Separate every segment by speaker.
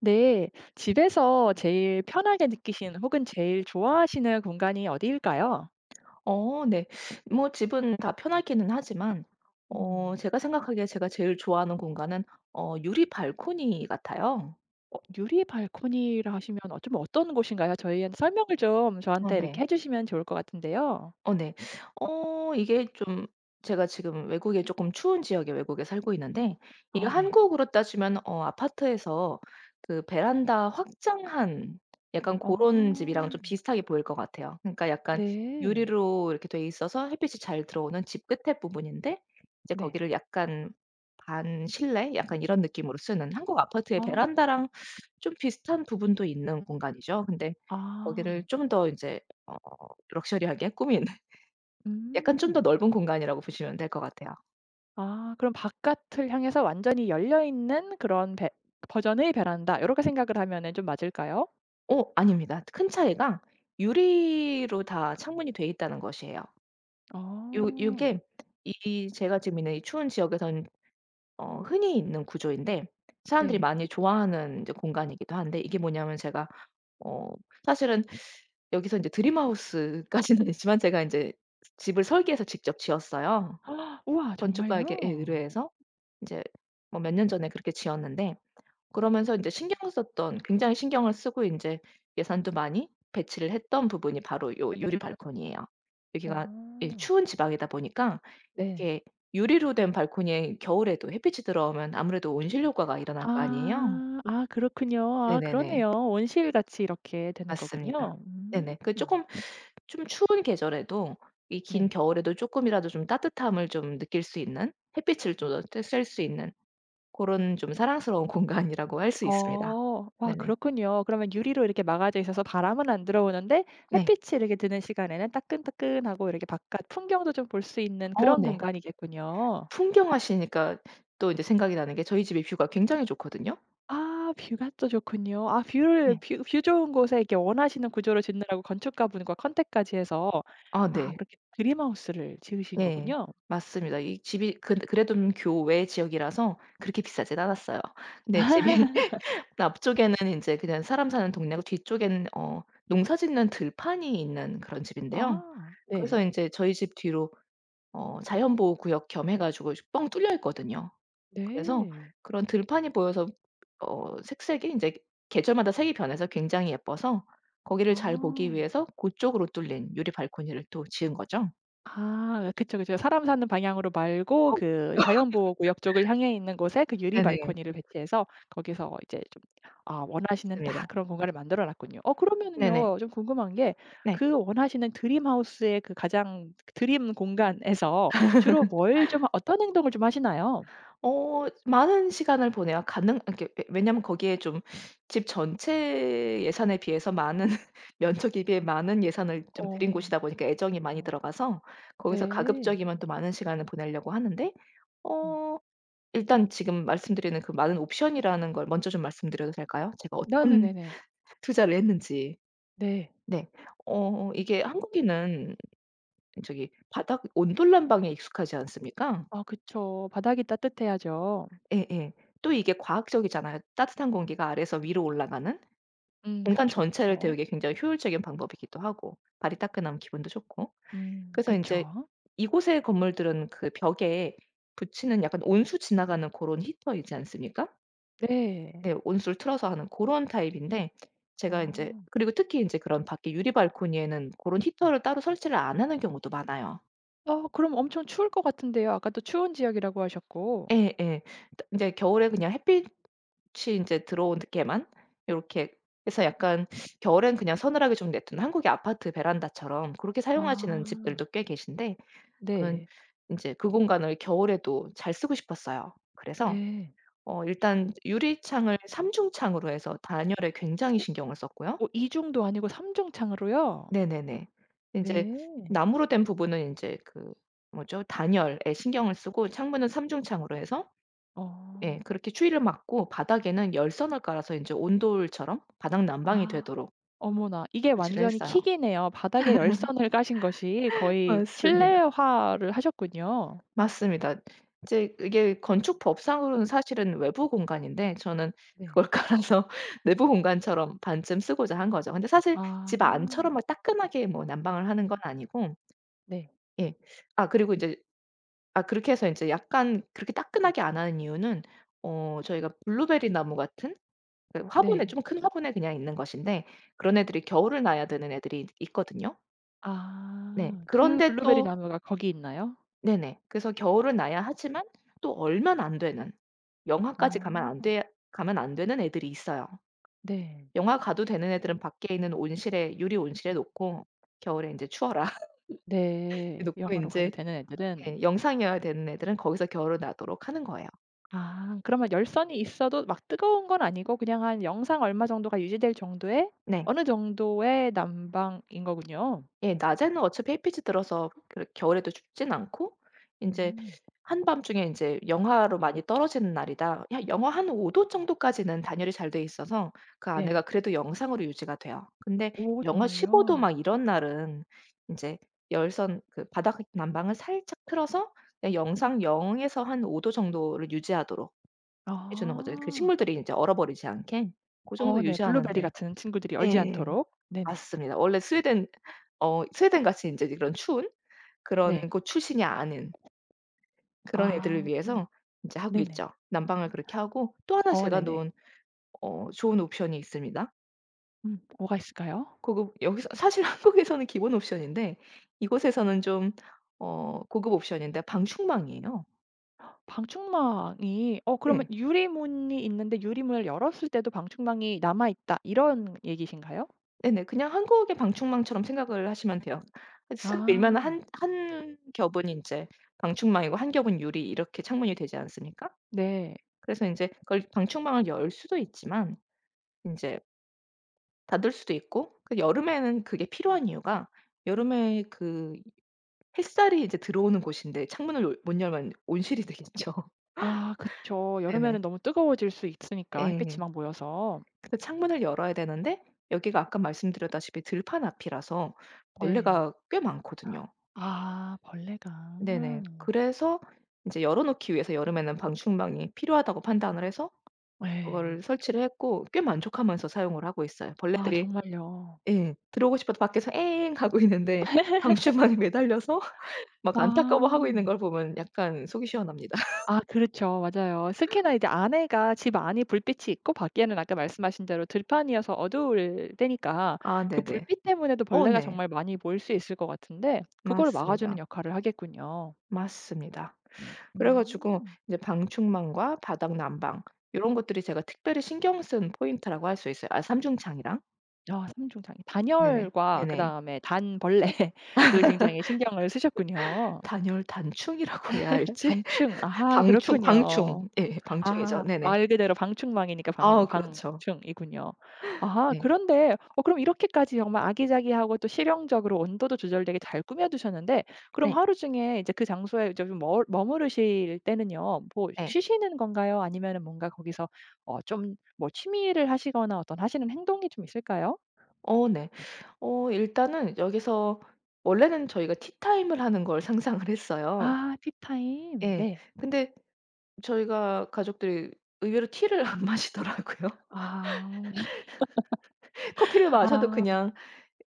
Speaker 1: 네. 집에서 제일 편하게 느끼시는 혹은 제일 좋아하시는 공간이 어디일까요?
Speaker 2: 어 네. 뭐 집은 다 편하기는 하지만 어
Speaker 1: 음.
Speaker 2: 제가 생각하기에 제가 제일 좋아하는 공간은 어 유리 발코니 같아요.
Speaker 1: 어 유리 발코니라 하시면 어 좀 어떤 곳인가요? 저희한테 설명을 좀
Speaker 2: 어
Speaker 1: 저한테 이렇게
Speaker 2: 네.
Speaker 1: 해주시면 좋을 것 같은데요.
Speaker 2: 어 네. 어 이게 좀 제가 지금 외국에 쪼끔 추운 지역의 외국에 살고 있는데 이게
Speaker 1: 아 네.
Speaker 2: 한국으로 따지면 어 아파트에서 그 베란다 확장한 약간 고런
Speaker 1: 어.
Speaker 2: 집이랑 좀 비슷하게 보일 것 같아요. 그니까 약간
Speaker 1: 네.
Speaker 2: 유리로 이렇게 돼 있어서 햇빛이 잘 들어오는 집 끝의 부분인데 인제
Speaker 1: 네.
Speaker 2: 거기를 약간 반실내? 약간 이런 느낌으로 쓰는 한국 아파트의
Speaker 1: 아.
Speaker 2: 베란다랑 좀 비슷한 부분도 있는 공간이죠. 근데 거기를
Speaker 1: 아.
Speaker 2: 좀 더 인제 어 럭셔리하게 꾸민 약간 좀 더
Speaker 1: 음.
Speaker 2: 넓은 공간이라고 보시면 될 것 같아요.
Speaker 1: 아. 그럼 '바깥을 향해서 완전히 열려 있는 그런 베 버전의 베란다.' 요렇게 생각을 하면 좀 맞을까요?
Speaker 2: 어 아닙니다. 큰 차이가 유리로 다 창문이 되어 있다는 것이에요. 요
Speaker 1: 어.
Speaker 2: 요게 이 제가 지금 있는 이 추운 지역에서는 어 흔히 있는 구조인데 사람들이
Speaker 1: 네.
Speaker 2: 많이 좋아하는 이제 공간이기도 한데 이게 뭐냐면 제가 어 사실은 여기서 이제 드림하우스 까지는 아니지만 제가 이제 집을 설계해서 직접 지었어요.
Speaker 1: 우와
Speaker 2: 건축가에게 예
Speaker 1: 정말요?
Speaker 2: 의뢰해서 이제 뭐 몇 년 전에 그렇게 지었는데 그러면서 인제 신경을 썼던 굉장히 신경을 쓰고 인제 예산도 많이 배치를 했던 부분이 바로 요 유리 발코니예요. 여기가 예
Speaker 1: 오.
Speaker 2: 추운 지방이다 보니까
Speaker 1: 네.
Speaker 2: 이게 유리로 된 발코니에 겨울에도 햇빛이 들어오면 아무래도 온실 효과가 일어날 거 아니에요.
Speaker 1: 아. 아 그렇군요. 아
Speaker 2: 네네네.
Speaker 1: 그러네요, 온실같이 이렇게 되는
Speaker 2: 맞습니다.
Speaker 1: 거군요. 음.
Speaker 2: 네네. 그 쪼끔 쫌 추운 계절에도 이 긴
Speaker 1: 네.
Speaker 2: 겨울에도 쪼끔이라도 좀 따뜻함을 좀 느낄 수 있는 햇빛을
Speaker 1: 음.
Speaker 2: 쪼 조 저 쐴 수 있는 고런 좀 사랑스러운 공간이라고 할 수 있습니다.
Speaker 1: 어. 와
Speaker 2: 네네.
Speaker 1: 그렇군요. 그러면 유리로 이렇게 막아져 있어서 바람은 안 들어오는데
Speaker 2: 네.
Speaker 1: 햇빛이 이렇게 드는 시간에는 따끈따끈하고 이렇게 바깥 풍경도 좀 볼 수 있는
Speaker 2: 어
Speaker 1: 그런
Speaker 2: 네.
Speaker 1: 공간이겠군요.
Speaker 2: 풍경하시니까 또 인제 생각이 나는 게 저희 집이 뷰가 굉장히 좋거든요.
Speaker 1: 아 뷰가 또 좋군요. 아 뷰를
Speaker 2: 네.
Speaker 1: 뷰 뷰 좋은 곳에 이렇게 원하시는 구조를 짓는다고 건축가분과 컨택까지 해서
Speaker 2: 아
Speaker 1: 아
Speaker 2: 네.
Speaker 1: 그렇게 드림하우스를 지으신
Speaker 2: 네.
Speaker 1: 거군요.
Speaker 2: 맞습니다. 이 집이 그 그래도 음 교외 지역이라서 그렇게 비싸지는 않았어요. 근데 집이 앞쪽에는 이제 그냥 사람 사는 동네고 뒤쪽에는 어 농사짓는 들판이 있는 그런 집인데요.
Speaker 1: 아
Speaker 2: 그래서
Speaker 1: 네.
Speaker 2: 인제 저희 집 뒤로 어 자연보호구역 겸 해 가지고 뻥 뚫려 있거든요. 그래서
Speaker 1: 네.
Speaker 2: 그런 들판이 보여서 어 색색이 인제 계절마다 색이 변해서 굉장히 예뻐서 거기를 잘 보기
Speaker 1: 아.
Speaker 2: 위해서 고쪽으로 뚫린 유리 발코니를 또 지은 거죠.
Speaker 1: 아 그쵸그쵸. 사람 사는 방향으로 말고
Speaker 2: 어.
Speaker 1: 그 자연보호구역 쪽을 향해 있는 곳에 그 유리
Speaker 2: 네네.
Speaker 1: 발코니를 배치해서 거기서 이제 좀 아 원하시는 딱
Speaker 2: 맞습니다.
Speaker 1: 그런 공간을 만들어 놨군요. 어
Speaker 2: 네네.
Speaker 1: 그러면은요 좀 궁금한 게
Speaker 2: 네.
Speaker 1: 그 원하시는 드림하우스의 그 가장 드림 공간에서 주로 뭘 좀 어떤 행동을 좀 하시나요?
Speaker 2: 어 많은 시간을 보내요. 가능 이렇게 예 왜냐하면 거기에 좀 집 전체 예산에 비해서 많은, 면적에 비해 많은 예산을 좀 들인
Speaker 1: 어.
Speaker 2: 곳이다 보니까 애정이 많이
Speaker 1: 어
Speaker 2: 들어가서 거기서
Speaker 1: 네.
Speaker 2: 가급적이면 또 많은 시간을 보내려고 하는데
Speaker 1: 음.
Speaker 2: 어 일단 지금 말씀드리는 그 많은 옵션이라는 걸 먼저 좀 말씀드려도 될까요? 제가
Speaker 1: 나
Speaker 2: 어떤
Speaker 1: 네네네네.
Speaker 2: 투자를 했는지.
Speaker 1: 네.
Speaker 2: 네. 어 이게 한국인은 저기 바닥 온돌 난방에 익숙하지 않습니까.
Speaker 1: 아 그쵸. 바닥이 따뜻해야죠.
Speaker 2: 예예. 또 이게 과학적이잖아요. 따뜻한 공기가 아래에서 위로 올라가는.
Speaker 1: 음
Speaker 2: 공간 전체를
Speaker 1: 그쵸그쵸.
Speaker 2: 데우기 굉장히 효율적인 방법이기도 하고 발이 따끈하면 기분도 좋고.
Speaker 1: 음
Speaker 2: 그래서 인제
Speaker 1: 그쵸.
Speaker 2: 이곳에 건물들은 그 벽에 붙이는 약간 온수 지나가는 고런 히터이지 않습니까.
Speaker 1: 네.
Speaker 2: 네. 온수를 틀어서 하는 고런 타입인데 제가 인제
Speaker 1: 아.
Speaker 2: 그리고 특히 인제 그런 밖에 유리 발코니에는 고런 히터를 따로 설치를 안 하는 경우도 많아요.
Speaker 1: 아 그럼 엄청 추울 것 같은데요. 아까도 추운 지역이라고 하셨고.
Speaker 2: 예예. 인제 겨울에 그냥 햇빛이 인제 들어오게만 요렇게 해서 약간 겨울에는 그냥 서늘하게 좀 내버려 두는 한국의 아파트 베란다처럼 그렇게 사용하시는
Speaker 1: 아.
Speaker 2: 집들도 꽤 계신데 저는
Speaker 1: 네.
Speaker 2: 인제 그 공간을 겨울에도 잘 쓰고 싶었어요. 그래서
Speaker 1: 네.
Speaker 2: 어 일단 유리창을 3 중창으로 해서 단열에 굉장히
Speaker 1: 오
Speaker 2: 신경을 썼고요.
Speaker 1: 오 2 중도 아니고 3 중창으로요.
Speaker 2: 네네네. 인제
Speaker 1: 네.
Speaker 2: 나무로 된 부분은 인제 그 뭐죠? 단열에 신경을 쓰고 창문은 3 중창으로 해서 예
Speaker 1: 어.
Speaker 2: 그렇게 추위를 막고 바닥에는 열선을 깔아서 인제 온돌처럼 바닥 난방이
Speaker 1: 아
Speaker 2: 되도록
Speaker 1: 어머나 이게
Speaker 2: 설치를
Speaker 1: 완전히
Speaker 2: 했어요.
Speaker 1: 킥 이네요. 바닥에 열선을 까신 것이 거의
Speaker 2: 맞습니다.
Speaker 1: 실내화를 하셨군요.
Speaker 2: 맞습니다. 이제 이게 건축법상으로는 사실은 외부 공간인데 저는
Speaker 1: 네.
Speaker 2: 그걸 깔아서 내부 공간처럼 반쯤 쓰고자 한 거죠. 근데 사실
Speaker 1: 아.
Speaker 2: 집 안처럼 뭐 따끈하게 뭐 난방을 하는 건 아니고
Speaker 1: 네.
Speaker 2: 예 아 그리고 이제 아 그렇게 해서 이제 약간 그렇게 따끈하게 안 하는 이유는 어 저희가 블루베리 나무 같은 그 화분에,
Speaker 1: 네.
Speaker 2: 좀 큰 화분에 그냥 있는 것인데 그런 애들이 겨울을 나야 되는 애들이 이 있거든요. 네
Speaker 1: 아 그
Speaker 2: 그런데
Speaker 1: 블루베리
Speaker 2: 또
Speaker 1: 나무가 거기 있나요?
Speaker 2: 네네. 그래서 겨울은 나야 하지만 또 얼면 안 되는 영하까지 가면
Speaker 1: 어.
Speaker 2: 안되야 가면 안 되는 애들이 있어요.
Speaker 1: 네.
Speaker 2: 영하 가도 되는 애들은 밖에 있는 온실에, 유리 온실에 놓고 겨울에 이제 추워라
Speaker 1: 네.
Speaker 2: 놓고
Speaker 1: 영하로 가도
Speaker 2: 인제
Speaker 1: 되는 애들은.
Speaker 2: 예 영상이어야 되는 애들은 거기서 겨울을 나도록 하는 거예요.
Speaker 1: 아 그러면 열선이 있어도 막 뜨거운 건 아니고 그냥 한 영상 얼마 정도가 유지될 정도의
Speaker 2: 네.
Speaker 1: 어느 정도의 난방인 거군요.
Speaker 2: 예. 낮에는 어차피 햇빛이 들어서 그러 겨울에도 춥지는 않고 인제
Speaker 1: 음.
Speaker 2: 한밤중에 인제 영하로 많이 떨어지는 날이다, 한 영하 한 5 도 정도까지는 단열이 잘 되어 있어서 그 안에가
Speaker 1: 네.
Speaker 2: 그래도 영상으로 유지가 돼요. 근데
Speaker 1: 오
Speaker 2: 영하 15 도
Speaker 1: 정말요.
Speaker 2: 막 이런 날은 인제 열선 그 바닥 난방을 살짝 틀어서 영상 0 에서 한 5 도 정도를 유지하도록 해 주는 거죠. 그
Speaker 1: 아.
Speaker 2: 식물들이 이제 얼어 버리지 않게. 고
Speaker 1: 아
Speaker 2: 정도
Speaker 1: 네 블루베리
Speaker 2: 유지하는데
Speaker 1: 같은 친구들이 얼지
Speaker 2: 예
Speaker 1: 않도록. 네네.
Speaker 2: 맞습니다. 원래 스웨덴 어 스웨덴같이 인제 이런 추운 그런
Speaker 1: 네.
Speaker 2: 곳 출신이 아닌 그런 애들을
Speaker 1: 아
Speaker 2: 위해서 이제 하고
Speaker 1: 네네.
Speaker 2: 있죠. 난방을 그렇게 하고 또 1
Speaker 1: 어
Speaker 2: 제가
Speaker 1: 네네.
Speaker 2: 놓은 어 좋은 옵션이 있습니다.
Speaker 1: 음 뭐가 있을까요?
Speaker 2: 고급 여기서 사실 한국에서는 기본 옵션인데 이곳에서는 좀 어 고급 옵션인데 방충망이에요.
Speaker 1: 방충망이 어 그러면
Speaker 2: 예.
Speaker 1: 유리문이 있는데 유리문을 열었을 때도 방충망이 남아있다 이런 얘기신가요?
Speaker 2: 네네. 그냥 한국의 방충망처럼 생각을 하시면 돼요. 슥 밀면
Speaker 1: 아.
Speaker 2: 1- 1 겹은 인제 방충망이고 1 겹은 유리 이렇게 창문이 되지 않습니까?
Speaker 1: 네.
Speaker 2: 그래서 이제 그걸 방충망을 열 수도 있지만 인제 닫을 수도 있고 그 여름에는 그게 필요한 이유가 여름에 그 햇살이 이제 들어오는 곳인데 창문을 못 열면 온실이 되겠죠.
Speaker 1: 아 그쵸. 여름에는
Speaker 2: 네네.
Speaker 1: 너무 뜨거워질 수 있으니까 햇빛이
Speaker 2: 예.
Speaker 1: 막 모여서.
Speaker 2: 근데 창문을 열어야 되는데 여기가 아까 말씀드렸다시피 들판 앞이라서
Speaker 1: 네.
Speaker 2: 벌레가 꽤 많거든요.
Speaker 1: 아 벌레가.
Speaker 2: 네네. 그래서 이제 열어 놓기 위해서 여름에는 방충망이 필요하다고 판단을 해서
Speaker 1: 예.
Speaker 2: 그걸 설치를 했고 꽤 만족하면서 사용을 하고 있어요.
Speaker 1: 아
Speaker 2: 벌레들이
Speaker 1: 정말요.
Speaker 2: 예 들어오고 싶어도 밖에서 에엥 하고 있는데 방출방에 매달려서 막 안타까워하고 있는
Speaker 1: 와.
Speaker 2: 걸 보면 약간 속이 시원합니다.
Speaker 1: 아 그렇죠. 맞아요. 특히나 안에가 집 안이 불빛이 있고 밖에는 아까 말씀하신 대로 들판이어서 어두울 때니까
Speaker 2: 아
Speaker 1: 그
Speaker 2: 네네.
Speaker 1: 불빛 때문에도
Speaker 2: 어
Speaker 1: 벌레가
Speaker 2: 네.
Speaker 1: 정말 많이 모일 수 있을 것 같은데 그걸 막아주는
Speaker 2: 맞습니다.
Speaker 1: 역할을 하겠군요.
Speaker 2: 맞습니다. 그래가지고
Speaker 1: 음.
Speaker 2: 이제 방충망과 바닥 난방 이런 것들이 제가 특별히 신경 쓴 포인트라고 할 수 있어요. 아 3 중창이랑.
Speaker 1: 아 3 중창이
Speaker 2: 네네.
Speaker 1: 단열과
Speaker 2: 네네.
Speaker 1: 그다음에 단 벌레를 굉장히 신경을 쓰셨군요.
Speaker 2: 단열단충이라고 해야 할지
Speaker 1: 방충. 아
Speaker 2: 방충
Speaker 1: 그렇군요.
Speaker 2: 방충 예 방충이죠.
Speaker 1: 아
Speaker 2: 네네.
Speaker 1: 말 그대로 방충망이니까
Speaker 2: 아 그렇죠.
Speaker 1: 방-방충이군요. 아
Speaker 2: 네.
Speaker 1: 그런데 그럼 어 이렇게까지 정말 아기자기하고 또 실용적으로 온도도 조절되게 잘 꾸며 두셨는데 그럼
Speaker 2: 네.
Speaker 1: 하루 중에 이제 그 장소에 이제 좀 머 머무르실 때는요, 뭐
Speaker 2: 네.
Speaker 1: 쉬시는 건가요 아니면은 뭔가 거기서 어 좀 뭐 취미를 하시거나 어떤 하시는 행동이 좀 있을까요?
Speaker 2: 어 네. 어 일단은 여기서 원래는 저희가 티타임을 하는 걸 상상을 했어요.
Speaker 1: 아 티타임?
Speaker 2: 예
Speaker 1: 네.
Speaker 2: 근데 저희가 가족들 의외로 티를 안 마시더라고요.
Speaker 1: 아
Speaker 2: 커피를 마셔도
Speaker 1: 아.
Speaker 2: 그냥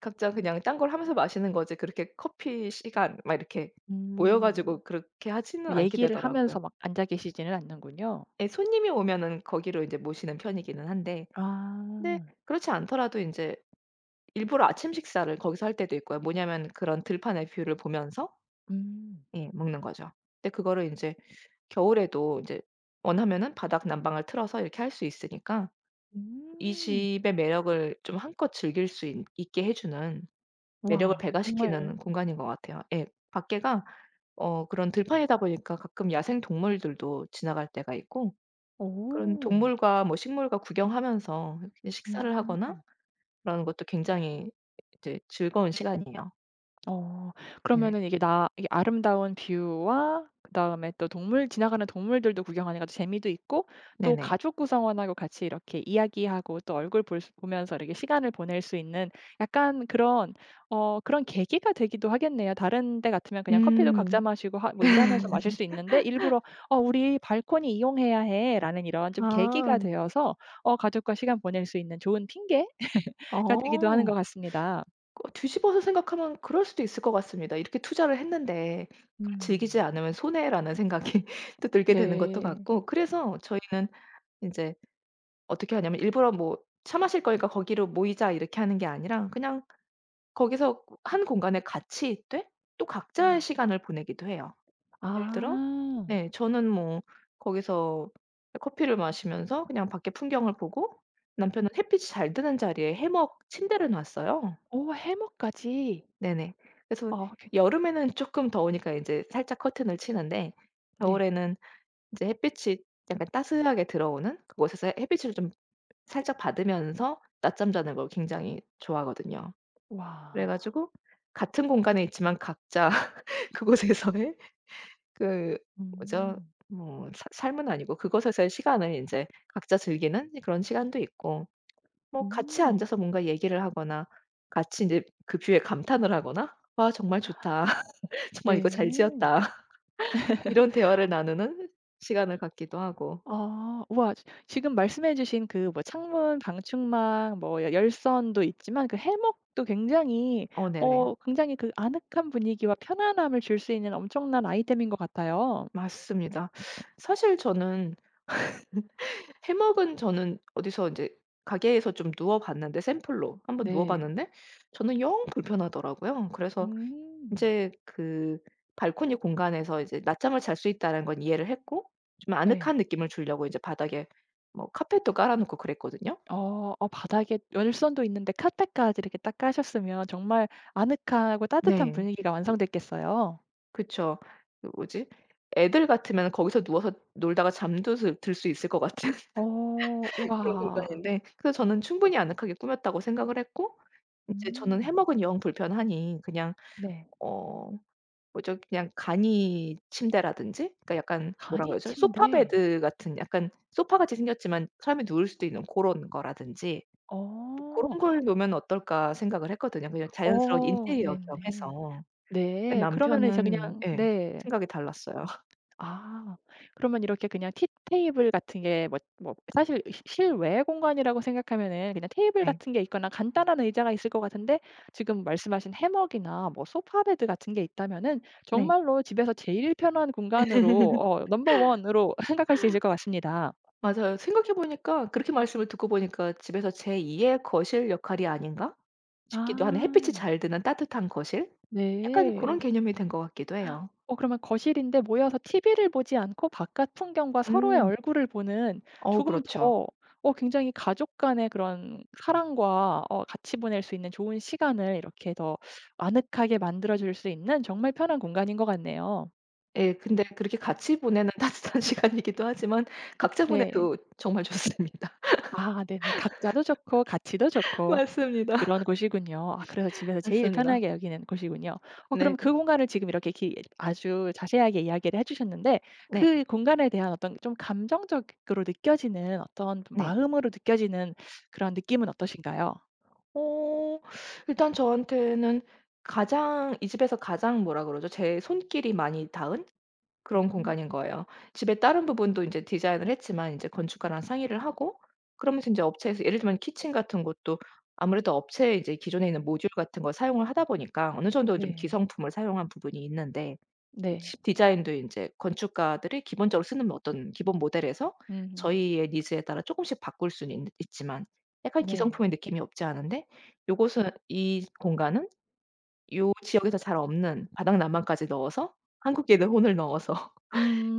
Speaker 2: 각자 그냥 딴 걸 하면서 마시는 거지 그렇게 커피 시간 막 이렇게 모여
Speaker 1: 음.
Speaker 2: 가지고 그렇게 하지는 않게
Speaker 1: 얘기를
Speaker 2: 되더라고요.
Speaker 1: 하면서 막 앉아 계시지는 않는군요.
Speaker 2: 예 손님이 오면은 거기로 이제 모시는 편이기는 한데 근데
Speaker 1: 아.
Speaker 2: 그렇지 않더라도 인제 일부러 아침 식사를 거기서 할 때도 있고요. 뭐냐면 그런 들판에 뷰를 보면서
Speaker 1: 음.
Speaker 2: 예 먹는 거죠. 근데 그거를 인제 겨울에도 이제 원하면은 바닥 난방을 틀어서 이렇게 할 수 있으니까 이
Speaker 1: 음.
Speaker 2: 집의 매력을 좀 한껏 즐길 수 있 있게 해주는 매력을
Speaker 1: 와 정말.
Speaker 2: 배가시키는 공간인 것 같아요. 예 밖에가 어 그런 들판이다 보니까 가끔 야생동물들도 지나갈 때가 있고 그런
Speaker 1: 오.
Speaker 2: 동물과 뭐 식물과 구경하면서 이렇게 식사를 하거나
Speaker 1: 음.
Speaker 2: 그런 것도 굉장히 이제 즐거운 시간이에요.
Speaker 1: 어
Speaker 2: 네.
Speaker 1: 그러면은 이게 나 이렇게 아름다운 뷰와 그다음에 또 동물 지나가는 동물들도 구경하는 것도 재미도 있고 또
Speaker 2: 네네.
Speaker 1: 가족 구성원하고 같이 이렇게 이야기하고 또 얼굴 볼 수 보면서 이렇게 시간을 보낼 수 있는 약간 그런 어 그런 계기가 되기도 하겠네요. 다른 데 같으면 그냥 커피도 각자
Speaker 2: 음.
Speaker 1: 마시고 하 뭐 일하면서 마실 수 있는데 일부러 '어 우리 발코니 이용해야 해.'라는 이런 좀 계기가
Speaker 2: 아.
Speaker 1: 되어서 어 가족과 시간 보낼 수 있는 좋은 핑계 가 되기도 하는 것
Speaker 2: 어
Speaker 1: 같습니다.
Speaker 2: 거 뒤집어서 생각하면 그럴 수도 있을 것 같습니다. 이렇게 투자를 했는데 그걸
Speaker 1: 음.
Speaker 2: 즐기지 않으면 손해라는 생각이 또 들게 되는 것도
Speaker 1: 네.
Speaker 2: 같고 그래서 저희는 인제 어떻게 하냐면 일부러 뭐 "차 마실 거니까 거기로 모이자." 이렇게 하는 게 아니라 그냥 거기서 1 공간에 같이 있되 또 각자의
Speaker 1: 음.
Speaker 2: 시간을 보내기도 해요. 예를 들어
Speaker 1: 아.
Speaker 2: 네 저는 뭐 거기서 커피를 마시면서 그냥 밖에 풍경을 보고 남편은 햇빛이 잘 드는 자리에 해먹 침대를 놨어요.
Speaker 1: 오 해먹까지
Speaker 2: 네네. 그래서
Speaker 1: 아 괜
Speaker 2: 여름에는 쪼끔 더우니까 인제 살짝 커튼을 치는데
Speaker 1: 네.
Speaker 2: 겨울에는 이제 햇빛이 약간 따스하게 들어오는 그곳에서 햇빛을 좀 살짝 받으면서 낮잠 자는 걸 굉장히 좋아하거든요.
Speaker 1: 와.
Speaker 2: 그래가지고 같은 공간에 있지만 각자 그곳에서의 그 뭐죠
Speaker 1: 음.
Speaker 2: 뭐 사 삶은 아니고 그곳에서의 시간을 인제 각자 즐기는 그런 시간도 있고, 뭐 같이
Speaker 1: 음.
Speaker 2: 앉아서 뭔가 얘기를 하거나 같이 느 그 뷰에 감탄을 하거나 "아 정말 좋다. 정말 이거 잘
Speaker 1: 네.
Speaker 2: 지었다." 이런 대화를 나누는 시간을 갖기도 하고.
Speaker 1: 아 우와. 지 지금 말씀해 주신 그 뭐 창문 방충망 뭐 열선도 있지만 그 해먹도 굉장히
Speaker 2: 어 네네.
Speaker 1: 어 굉장히 그 아늑한 분위기와 편안함을 줄 수 있는 엄청난 아이템인 것 같아요.
Speaker 2: 맞습니다. 사실 저는 해먹은 저는 어디서 인제 가게에서 좀 누워 봤는데 샘플로 1 번 누워
Speaker 1: 네.
Speaker 2: 봤는데 저는 영 불편하더라고요. 그래서
Speaker 1: 음.
Speaker 2: 인제 그 발코니 공간에서 이제 낮잠을 잘 수 있다는 건 이해를 했고 좀
Speaker 1: 네.
Speaker 2: 아늑한 느낌을 주려고 이제 바닥에 뭐 카펫도 깔아놓고 그랬거든요.
Speaker 1: 어 어 바닥에 열선도 있는데 카펫까지 이렇게 딱 까셨으면 정말 아늑하고 따뜻한
Speaker 2: 네.
Speaker 1: 분위기가 완성됐겠어요.
Speaker 2: 그쵸. 그 뭐지 애들 같으면 거기서 누워서 놀다가 잠도수 들 수 있을 것 같은
Speaker 1: 어
Speaker 2: 그런
Speaker 1: 우와.
Speaker 2: 공간인데 그래서 저는 충분히 아늑하게 꾸몄다고 생각을 했고 이제 저는
Speaker 1: 음.
Speaker 2: 해먹은 영 불편하니 그냥
Speaker 1: 네.
Speaker 2: 어 뭐죠 그냥 간이침대라든지 그러니까 약간 뭐라고
Speaker 1: 간이
Speaker 2: 해야하죠? 소파
Speaker 1: 침대.
Speaker 2: 베드 같은, 약간 소파 같이 생겼지만 사람이 누울 수도 있는 고런 거라든지 또 '고런
Speaker 1: 어.
Speaker 2: 걸 놓으면 어떨까?' 생각을 했거든요, 그냥 자연스러운
Speaker 1: 어
Speaker 2: 인테리어 겸
Speaker 1: 네네.
Speaker 2: 해서. 근데
Speaker 1: 네 그런 면에서
Speaker 2: 남편은
Speaker 1: 그냥
Speaker 2: 예
Speaker 1: 네.
Speaker 2: 생각이 달랐어요.
Speaker 1: 아 그러면 이렇게 그냥 티 테이블 같은 게 뭐 뭐 사실 실 실외 공간이라고 생각하면은 그냥 테이블
Speaker 2: 네.
Speaker 1: 같은 게 있거나 간단한 의자가 있을 것 같은데 지금 말씀하신 해먹이나 뭐 소파 베드 같은 게 있다면은
Speaker 2: 네.
Speaker 1: 정말로 집에서 제일 편한 공간으로 어 넘버 원으로 생각할 수 있을 것 같습니다.
Speaker 2: 맞아요. 생각해 보니까 그렇게 말씀을 듣고 보니까 집에서 제 2 의 거실 역할이 아닌가 싶기도 하는 햇빛이
Speaker 1: 아.
Speaker 2: 잘 드는 따뜻한 거실 약간 고런
Speaker 1: 네.
Speaker 2: 개념이 된 것 같기도 해요.
Speaker 1: 어 그러면 거실인데 모여서 TV를 보지 않고 바깥 풍경과 서로의
Speaker 2: 음.
Speaker 1: 얼굴을 보는
Speaker 2: 어
Speaker 1: 조금
Speaker 2: 그렇죠.
Speaker 1: 더 어 굉장히 가족 간의 그런 사랑과 어 같이 보낼 수 있는 좋은 시간을 이렇게 더 아늑하게 만들어 줄 수 있는 정말 편한 공간인 것 같네요.
Speaker 2: 예. 근데 그렇게 같이 보내는 따뜻한 시간이기도 하지만 각자
Speaker 1: 네.
Speaker 2: 보내도 정말 좋습니다.
Speaker 1: 아 네네. 각자도 좋고 같이도 좋고
Speaker 2: 맞습니다.
Speaker 1: 그런 곳이군요. 아 그래서 집에서 제일
Speaker 2: 맞습니다.
Speaker 1: 편하게 여기는 곳이군요. 어 그럼
Speaker 2: 네.
Speaker 1: 그 공간을 지금 이렇게 기 아주 자세하게 이야기를 해주셨는데
Speaker 2: 네.
Speaker 1: 그 공간에 대한 어떤 좀 감정적으로 느껴지는 어떤
Speaker 2: 네.
Speaker 1: 마음으로 느껴지는 그런 느낌은 어떠신가요?
Speaker 2: 어 일단 저한테는 가장 이 집에서 가장 뭐라고 그러죠 제 손길이 많이 닿은 그런
Speaker 1: 음.
Speaker 2: 공간인 거예요. 집에 다른 부분도 인제 디자인을 했지만 인제 건축가랑 상의를 하고 그러면서 인제 업체에서 예를 들면 키친 같은 것도 아무래도 업체에 이제 기존에 있는 모듈 같은 걸 사용을 하다 보니까 어느 정도 좀
Speaker 1: 네.
Speaker 2: 기성품을 사용한 부분이 있는데
Speaker 1: 네.
Speaker 2: 디자인도 인제 건축가들이 기본적으로 쓰는 어떤 기본 모델에서
Speaker 1: 음.
Speaker 2: 저희의 니즈에 따라 조금씩 바꿀 수는 있는 있지만 약간
Speaker 1: 네.
Speaker 2: 기성품의 느낌이 없지 않은데, 요곳은 이 공간은 요 지역에서 잘 없는 바닥 난방까지 넣어서
Speaker 1: 음.
Speaker 2: 한국인의 혼을 넣어서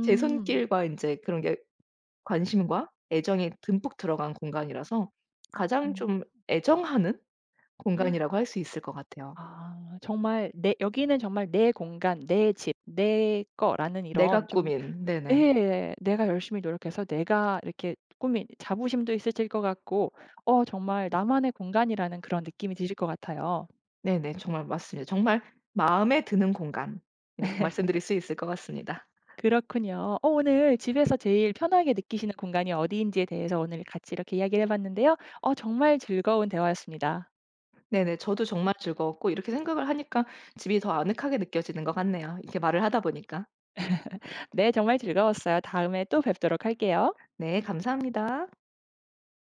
Speaker 2: 제 손길과 인제 그런 게 관심과 애정이 듬뿍 들어간 공간이라서 가장
Speaker 1: 음.
Speaker 2: 좀 애정하는 공간이라고 할 수 있을 것 같아요.
Speaker 1: 아 정말 내 여기는 정말 내 공간, 내 집, 내 거라는 이런
Speaker 2: 내가
Speaker 1: 좀
Speaker 2: 꾸민 네네.
Speaker 1: 예 내가 열심히 노력해서 내가 이렇게 꾸민 자부심도 있으실 것 같고 어 정말 나만의 공간이라는 그런 느낌이 드실 것 같아요.
Speaker 2: 네네. 정말 맞습니다. 정말 마음에 드는 공간 이렇게 말씀드릴 수 있을 것 같습니다.
Speaker 1: 그렇군요. 어 오늘 집에서 제일 편하게 느끼시는 공간이 어디인지에 대해서 오늘 같이 이렇게 이야기를 해 봤는데요. 어 정말 즐거운 대화였습니다.
Speaker 2: 네네. 저도 정말 즐거웠고 이렇게 생각을 하니까 집이 더 아늑하게 느껴지는 것 같네요. 이렇게 말을 하다 보니까.
Speaker 1: 네 정말 즐거웠어요. 다음에 또 뵙도록 할게요.
Speaker 2: 네. 감사합니다.